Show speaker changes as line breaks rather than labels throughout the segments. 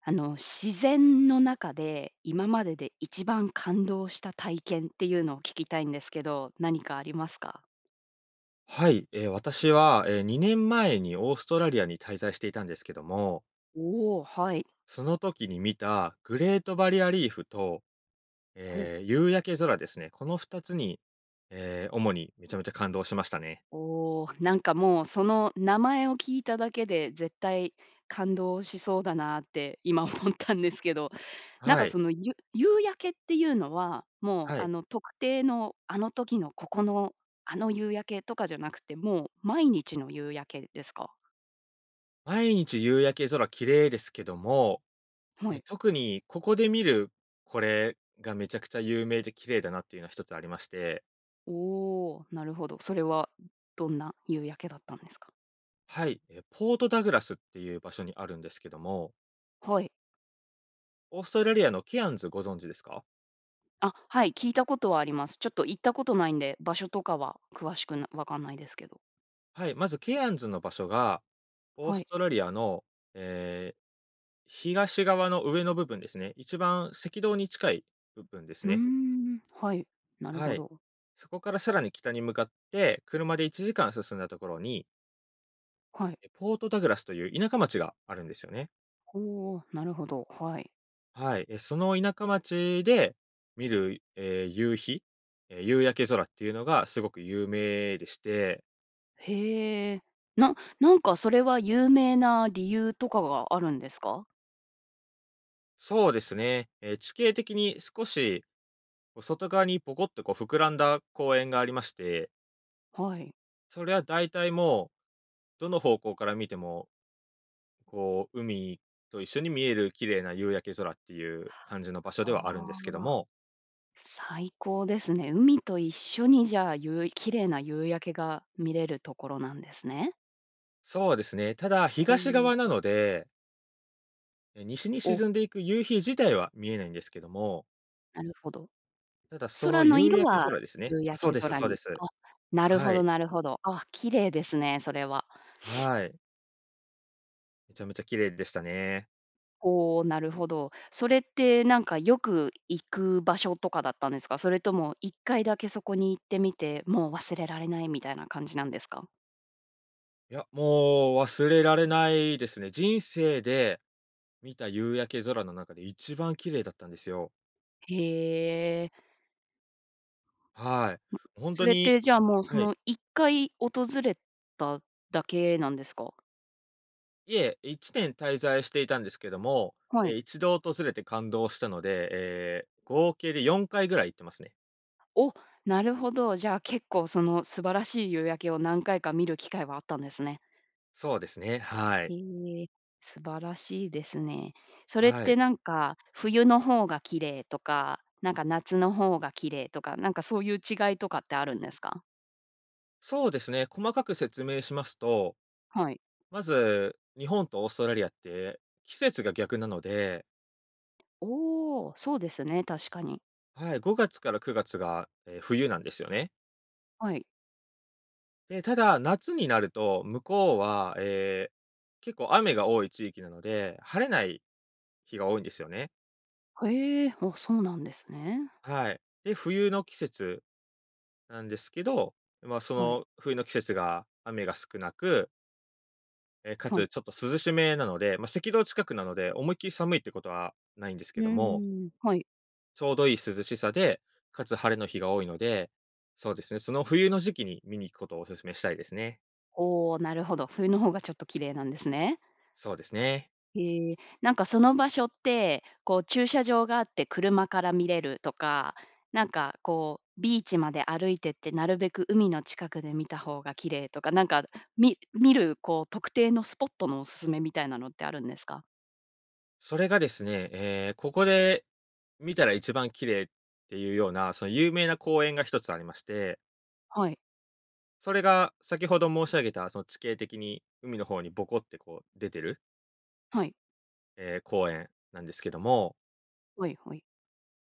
あの自然の中で、今までで一番感動した体験っていうのを聞きたいんですけど、何かありますか？
はい。ええ、私は、ええ、2年前にオーストラリアに滞在していたんですけども。
おお、はい。
その時に見たグレートバリアリーフと、
ほ。
ええ、夕焼け空ですね。この2つに、ええ、主にめちゃめちゃ感動しましたね。
おお、なんかもう、その名前を聞いただけで、絶対感動しそうだなって今思ったんですけど、なん
は
か
い。
その、ゆ夕焼けっていうのは、もう、
は
あ
い。
の、特定の、あの時のここの、あの夕焼け、とかじゃなくて、もう毎日の夕焼けですか？
毎日夕焼け空綺麗ですけども、
は
え、
い。
特にここで見る、これがめちゃくちゃ有名で綺麗だなっていうのは1つありまして。
おお、なるほど、それはどんな夕焼けだったんですか？
はい。え、ポートダグラスっていう場所にあるんですけども。
はい。
オーストラリアのケアンズご存知ですか？
あ、はい、聞いたことはあります。ちょっと行ったことないんで、場所とかは詳しくな分かんないですけど。
はい、まずケアンズの場所が、オー
は
ス
い。
トラリアの、ええ、東側の上の部分ですね。一番赤道に近い部分です
うー
ね。
ん、はい、なる
は
ほ
い。
ど。
そこからさらに北に向かって、車で1時間進んだところに
はい。
え、ポートダグラスという田舎町があるんですよね。
おお、なるほど、はい。
はい。え、その田舎町で見る、ええ、夕日。ええ、夕焼け空っていうのがすごく有名でして。
へえ、ななんかそれは有名な理由とかがあるんですか？
そうですね。ええ、地形的に少し、こう外側にボコッとこう膨らんだ公園がありまして
はい。
それは大体もう、どの方向から見てもこう海と一緒に見える綺麗な夕焼け空っていう感じの場所ではあるんで
あ
すけど
あ、
も。
最高ですね。海と一緒にじゃあ、ゆう綺麗な夕焼けが見れるところなんですね。
そうですね。ただ、
ほ
東
う。
側なのでえ、西に
お。
沈んでいく夕日自体は見えないんですけども。
なるほど。
ただそ
空
の
の
夕
色
焼け
は、
空ですね。
夕
あ、
焼
そう
け
です
空
そうで
に。
す。
あ、なる
は
ほど
い。
なるほど。あ、綺麗ですね、それは。
はい。めちゃめちゃ綺麗でしたね。
お、なるほど。それってなんかよく行く場所とかだったんですか？それとも1回だけそこに行ってみて、もう忘れられないみたいな感じなんですか？
いや、もう忘れられないですね。人生で見た夕焼け空の中で一番綺麗だったんですよ。
へえ。
は
ん、
い、ほん
そ
と
れっ
に
てじゃあもうそ
はい。
の1回訪れただけなんですか？
いえ、1年滞在していたんですけども、
は
え、
い。
一度訪れて感動したので、ええ、合計で4回ぐらい行ってますね。
お、なるほど。じゃあ、結構その素晴らしい夕焼けを何回か見る機会はあったんですね。
そうですね、はい。
へえ、素晴らしいですね。それっ
はい。
てなんか、冬の方が綺麗とか、なんか夏の方が綺麗とか、なんかそういう違いとかってあるんですか？
そうですね、細かく説明しますと、
はい。
まず、日本とオーストラリアって、季節が逆なので。
おお、そうですね、確かに。
はい、5月から9月が、ええ、冬なんですよね。
はい。
で、ただ、夏になると、向こうは、ええ、結構雨が多い地域なので、晴れない日が多いんですよね。
はへえ、あ、そうなんですね。
はい。で、冬の季節、なんですけど、ま、そ
はい。
の冬の季節が雨が少なくええ、か
はい。
つちょっと涼しめなので、まあ、赤道近くなので、思いっきり寒いってことはないんです
う
けども。
んうん、はい。
ちょうどいい涼しさで、かつ晴れの日が多いので、そうですね、その冬の時期に見に行くことをお勧めしたいですね。
ほお、なるほど。冬の方がちょっと綺麗なんですね。
そうですね。
へえ、なんかその場所って、こう駐車場があって車から見れるとか、なんかこう、ビーチまで歩いてってなるべく海の近くで見た方が綺麗とか、なんか、み見るこう特定のスポットのお勧めみたいなのってあるんですか？
それがですね、ええ、ここで見たら一番綺麗っていうような、その有名な公園が1つありまして。
はい。
それが先程申し上げた、その地形的に海の方にボコってこう出てる
はい。
え、公園なんですけども。
はいはい。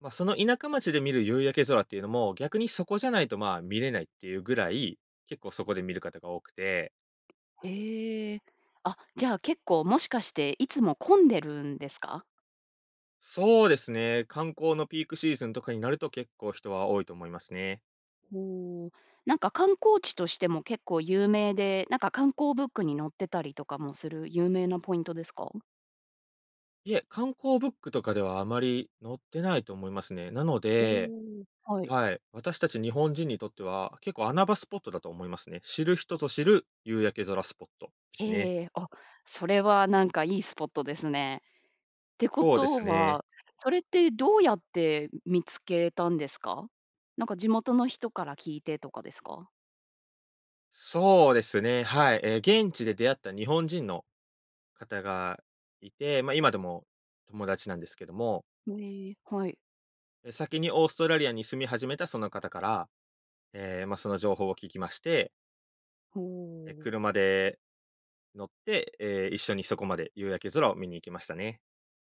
ま、その田舎町で見る夕焼け空っていうのも、逆にそこじゃないと、まあ、見れないっていうぐらい、結構そこで見る方が多くて。
へえ。あ、じゃあ結構もしかして、いつも混んでるんですか？
そうですね、観光のピークシーズンとかになると、結構人は多いと思いますね。
ほう。なんか観光地としても結構有名で、なんか観光ブックに載ってたりとかもする、有名なポイントですか？
いえ、観光ブックとかではあまり載ってないと思いますね。なの
お
で
お、はい。
はい、私たち日本人にとっては結構、穴場スポットだと思いますね。知る人ぞ知る夕焼け空スポットですね。
ええ、お、それはなんかいいスポットですね。ってこ
そうです
と
ね。
は、それってどうやって見つけたんですか？なんか地元の人から聞いてとかですか？
そうですね、はい。え、現地で出会った日本人の方がいて、ま、今でも友達なんですけども。
ええ、はい。
え、先にオーストラリアに住み始めたその方から、え、ま、その情報を聞きまして。
ほ
え、
う。
車で乗って、え、一緒にそこまで夕焼け空を見に行きましたね。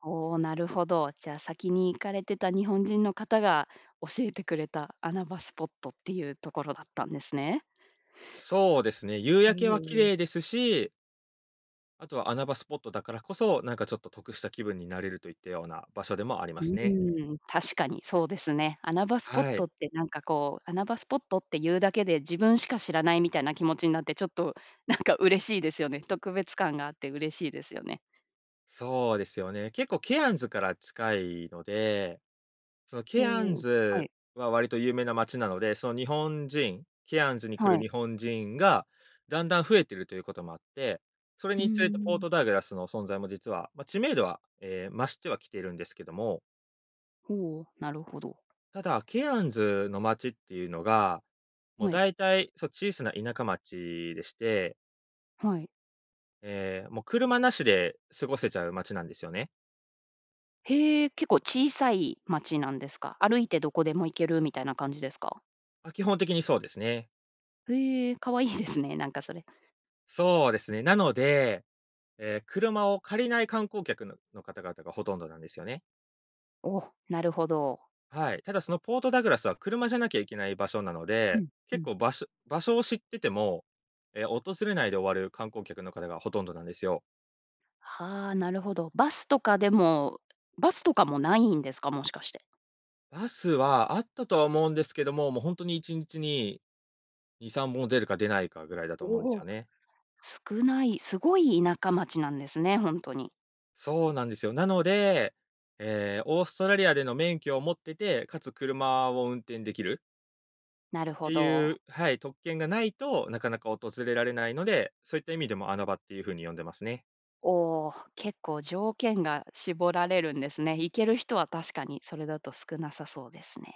おお、なるほど。じゃ、先に行かれてた日本人の方が、教えてくれた穴場スポットっていうところだったんですね。
そうですね、夕
う
焼けは綺
ーん。
麗ですしあとは穴場スポットだからこそ、なんかちょっと得した気分になれるといったような場所でもありま
う
すね。
ーん、確かにそうですね。穴場スポッ
はい。
トってなんかこう、穴場スポットっていうだけで、自分しか知らないみたいな気持ちになって、ちょっと、なんか嬉しいですよね。特別感があって嬉しいですよね。
そうですよね、結構ケアンズから近いので、その
ほ
ケアン
お、は
ズ
い。
は割と有名な街なので、その日本人ケアンズに来
はい。
る日本人がだんだん増えてるということもあって、それ
うー
につれてポー
ん。
トダグラスの存在も実は、ま、知名度は、え、増してはきてるんですけども。
ほお、なるほど。
ただ、ケアンズの町っていうのが、もう
はい。
大体、そ、小さな田舎町でして。
はい。
え、もう車なしで過ごせちゃう町なんですよね。
へえ、結構小さい町なんですか？歩いてどこでも行けるみたいな感じですか？
あ、基本的にそうですね。
へえ、可愛いですね、なんかそれ。
そうですね。なので、え、車を借りない観光客のの方々がほとんどなんですよね。
お、なるほど。
はい、ただそのポートダグラスは車じゃなきゃいけない場所なの
う
で、
ん。う
結
ん。
構場所場所を知ってても、え、訪れないで終わる観光客の方がほとんどなんですよ。
はあ、なるほど。バスとかでもバスとかもないんですか？もしかして。
バスはあったとは思うんですけども、もうほんとに1日に、2、3本出るか出ないかぐらいだと思うんです
お、
よ
お、
ね。
少ない。すごい田舎町なんですね、ほんとに。
そうなんですよ。なので、え、オーストラリアでの免許を持ってて、かつ車を運転できる
なる
て
ほ
い
ど。
うはい、特権がないと、なかなか訪れられないので、そういった意味でも穴場っていう風に呼んでますね。
お、結構条件が絞られるんですね。行ける人は確かにそれだと少なさそうですね。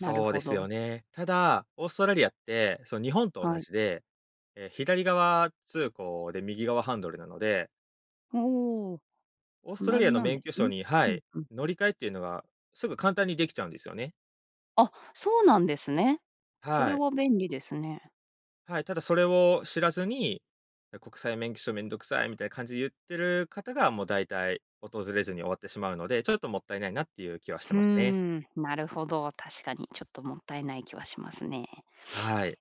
なる
うで
ほ
す
ど。
よね。ただ、オーストラリアって、そう、日本と同
はい。
じで、え、左側通行で右側ハンドルなので。
おお、
オーストラ
同
リア
じ
の
なん
免
で
許
す
証
ね。
には
うん、
い、
うん。
乗り換えっていうのがすぐ簡単にできちゃうんですよね。
あ、そうなんですね。それ
はい。
は便利ですね。
はい、ただそれを知らずに、「え、国際免許証めんどくさい」みたいな感じで言ってる方がもうだいたい、訪れずに終わってしまうので、ちょっともったいないなっていう気はして
ふー
ますね。
ん、なるほど、確かに、ちょっともったいない気はしますね。
はい。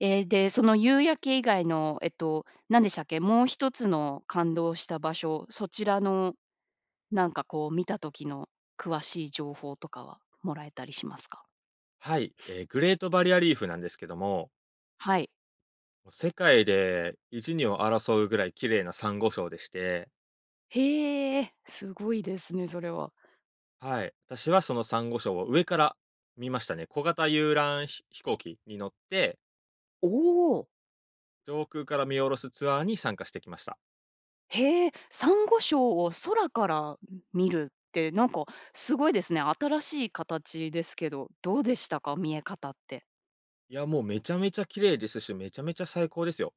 え、で、その夕焼け以外のえっと、何でしたっけ、もう1つの感動した場所、そちらの、なんかこう見た時の詳しい情報とかはもらえたりしますか？
はい、ええ、グレートバリアリーフなんですけども。
はい。
も、世界で1、2を争うぐらい綺麗なサンゴ礁でして。
へえ、すごいですね、それは。
はい、私はそのサンゴ礁を上から見ましたね。小型遊覧飛飛行機に乗って
おお。
上空から見下ろすツアーに参加してきました。
へえ、サンゴ礁を空から、ん、見るってなんかすごいですね。新しい形ですけど、どうでしたか？見え方って。
いや、もうめちゃめちゃ綺麗ですし、めちゃめちゃ最高ですよ。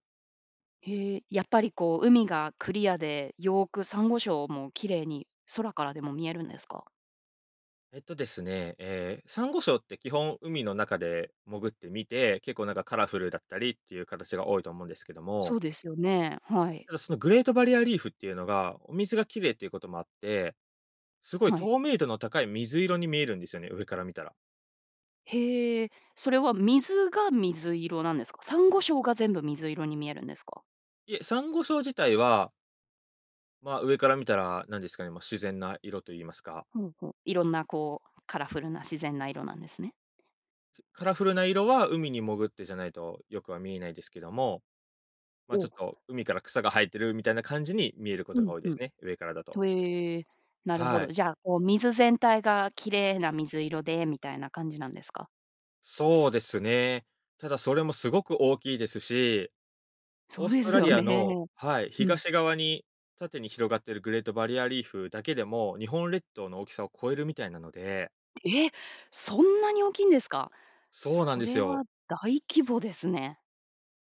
へえ、やっぱりこう海がクリアで、よくサンゴ礁も綺麗に空からでも見えるんですか？
えっとですね、ええ、サンゴ礁って基本、海の中で潜って見て、結構なんかカラフルだったりっていう形が多いと思うんですけど
そ
も。
うですよね、はい。
ただそのグレートバリアリーフっていうのが、お水が綺麗っていうこともあって、すごい
はい。
透明度の高い水色に見えるんですよね、上から見たら。
へえ、それは水が水色なんですか？サンゴ礁が全部水色に見えるんですか？
いえ、サンゴ礁自体はま、上から見たら、何ですかね、ま、自然な色と言いますか。
ほうほう、いろんなこう、カラフルな自然な色なんですね。
す、カラフルな色は海に潜ってじゃないとよくは見えないですけども、ま、ち
お。
ょっと海から草が生えてるみたいな感じに見えるこ
う
とが
ん、
多いで
うん。
すね、上からだと。
とえ、なるほ
は
ど。
い。
じゃあ、こう水全体が綺麗な水色でみたいな感じなんですか？
そうですね。ただそれもすごく大きいですし、
そ
オー
う
ス
で
ト
す
ラ
よ
リア
ね。
のはい、
うん。
東側に縦に広がってるグレートバリアリーフだけでも、日本列島の大きさを超えるみたいなので。
ええ？そんなに大きいんですか？
そうなん
そ
です
れ
よ。
は大規模ですね。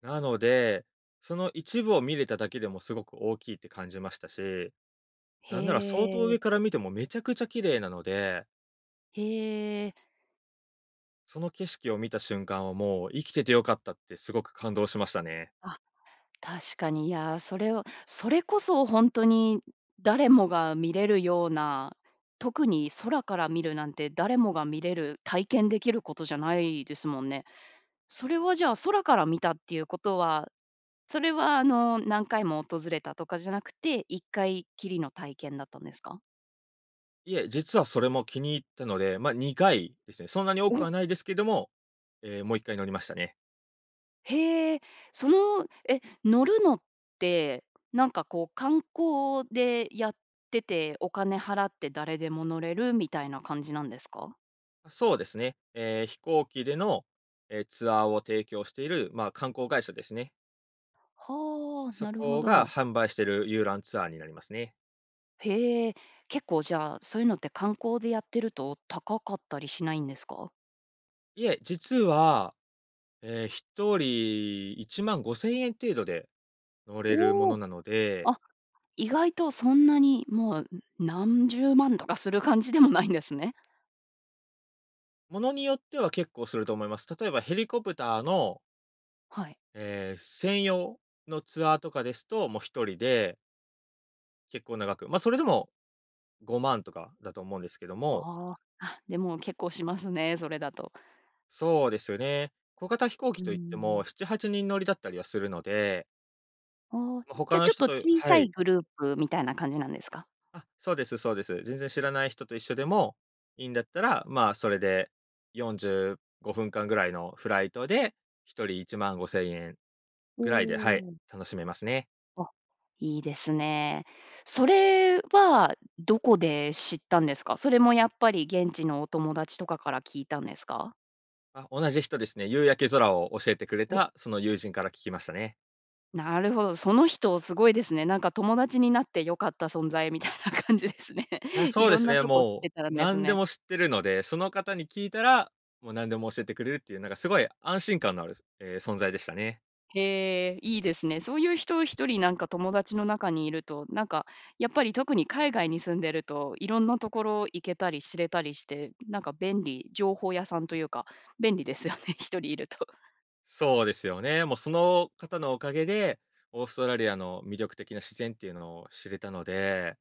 なので、その一部を見れただけでもすごく大きいって感じましたし。なんなら、相当
へ
上
え。
から見てもめちゃくちゃ綺麗なので。
へえ。
その景色を見た瞬間はもう、生きててよかったってすごく感動しましたね。
あ、確かに、いや、それをそれこそほんとに誰もが見れるような、特に空から見るなんて誰もが見れる、体験できることじゃないですもんね。それはじゃあ、空から見たっていうことは、それはあの、何回も訪れたとかじゃなくて、1回きりの体験だったんですか？
いえ、実はそれも気に入ったので、ま、にがいですね、そんなに多く
お。
はないですけども、え、もう1回乗りましたね。
へえ。その、え、乗るのって、なんかこう、観光でやってて、お金払って誰でも乗れるみたいな感じなんですか？
あ、そうですね、ええ、飛行機での、え、ツアーを提供している、まあ、観光会社ですね。
はあ、
そ
なるほ
こが、
ど。
販売している遊覧ツアーになりますね。
へえ、結構じゃあ、そういうのって観光でやってると高かったりしないんですか？
いえ、実は、ええ、1人、15000円程度で、乗れるも
お
の
お。
なので
あ、意外とそんなにもう、ん、何十万とかする感じでもないんですね。
物によっては、結構すると思います。例えばヘリコプターの
はい。
え、専用のツアーとかですと、もう1人で結構な額、ま、それでも、5万とかだと思うんですけども。
ああ。あ、でも結構しますね、それだと。
そうですよね。小型飛行機
うー
といっても、
ん。
7、8人乗りだったりはするので。
ああ、
ま、他
じゃ、
の
ちょっ
人
と
と
小
は
さ
い。
いグループみたいな感じなんですか？
あ、そうですそうです。全然知らない人と一緒でもいいんだったら、まあ、それで45分間ぐらいのフライトで、1人15,000円
お
ぐらいで、はい、
お。
楽しめますね。
あ、いいですね。それはどこで知ったんですか？それもやっぱり現地のお友達とかから聞いたんですか？
あ、同じ人ですね。夕焼け空を教えてくれ
お。
たその友人から聞きましたね。
なるほど、その人すごいですね。なんか友達になって良かった存在みたいな感じですね。
いや、そうで
色ん
す
な
ね、
とこ知っ
も
てた
う
んです
何で
ね。
も知ってるので、その方に聞いたら、もう何でも教えてくれるっていうなんかすごい安心感のあるすええ、存在でしたね。
へえ、いいですね。そういう人、1人なんか友達の中にいると、なんか、やっぱり特に海外に住んでると、色んなところ行けたり知れたりして、なんか便利。情報屋さんというか、便利ですよね、1人いると。
そうですよね。もうその方のおかげで、オーストラリアの魅力的な自然っていうのを知れたので。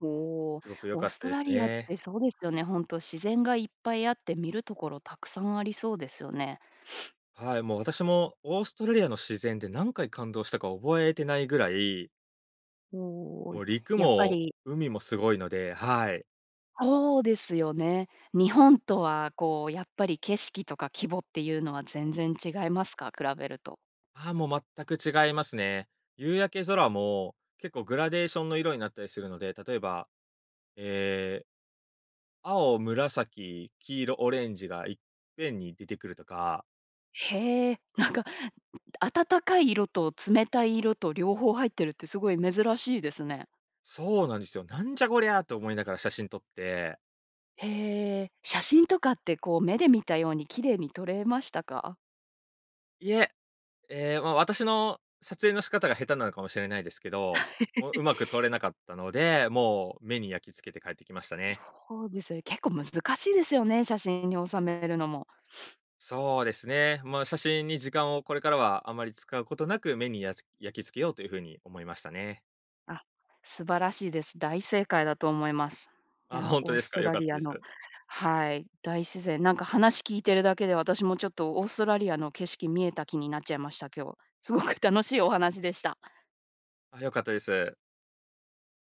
おお、
すごく良
オー
かっ
ス
た
ト
で
ラ
す
リアっ
ね。
てそうですよね、ほんと、自然がいっぱいあって、見る所たくさんありそうですよね。
はい、もう、私もオーストラリアの自然で何回感動したか覚えてないぐらい
おお
もう、
い、
陸
やっぱ
も
り
海も凄いので。はい。
そうですよね。日本とは、こう、やっぱり景色とか規模っていうのは全然違いますか？比べると。
ああ、もう全く違いますね。夕焼け空も、結構グラデーションの色になったりするので、例えば、ええ青、紫、黄色、オレンジがいっぺんに出てくるとか。
へえ、なんか、暖かい色と冷たい色と、両方入ってるってすごい珍しいですね。
そうなんですよ。「なんじゃこりゃ」と思いながら写真撮って。
へえ、写真とかって、こう、目で見たように綺麗に撮れましたか？
いえ。ええ、ま、私の撮影の仕方が下手なのかもしれないですけど、もう、上手く撮れなかったので、もう、目に焼きつけて帰ってきましたね。
そうですよね。結構難しいですよね、写真に収めるのも。
そうですね。ま、写真に時間を、これからはあまり使うことなく、目にやつ焼き付けようというふうに思いましたね。
あ、素晴らしいです。大正解だと思います。い
あ、
や、
ほんと
オー
です
ス
か、
ト
良
ラ
かっ
リ
た
ア
です。
のはい、大自然。なんか、話聞いてるだけで私も、ちょっとオーストラリアの景色見えた気になっちゃいました、今日。すごく楽しいお話でした。
あ、良かったです。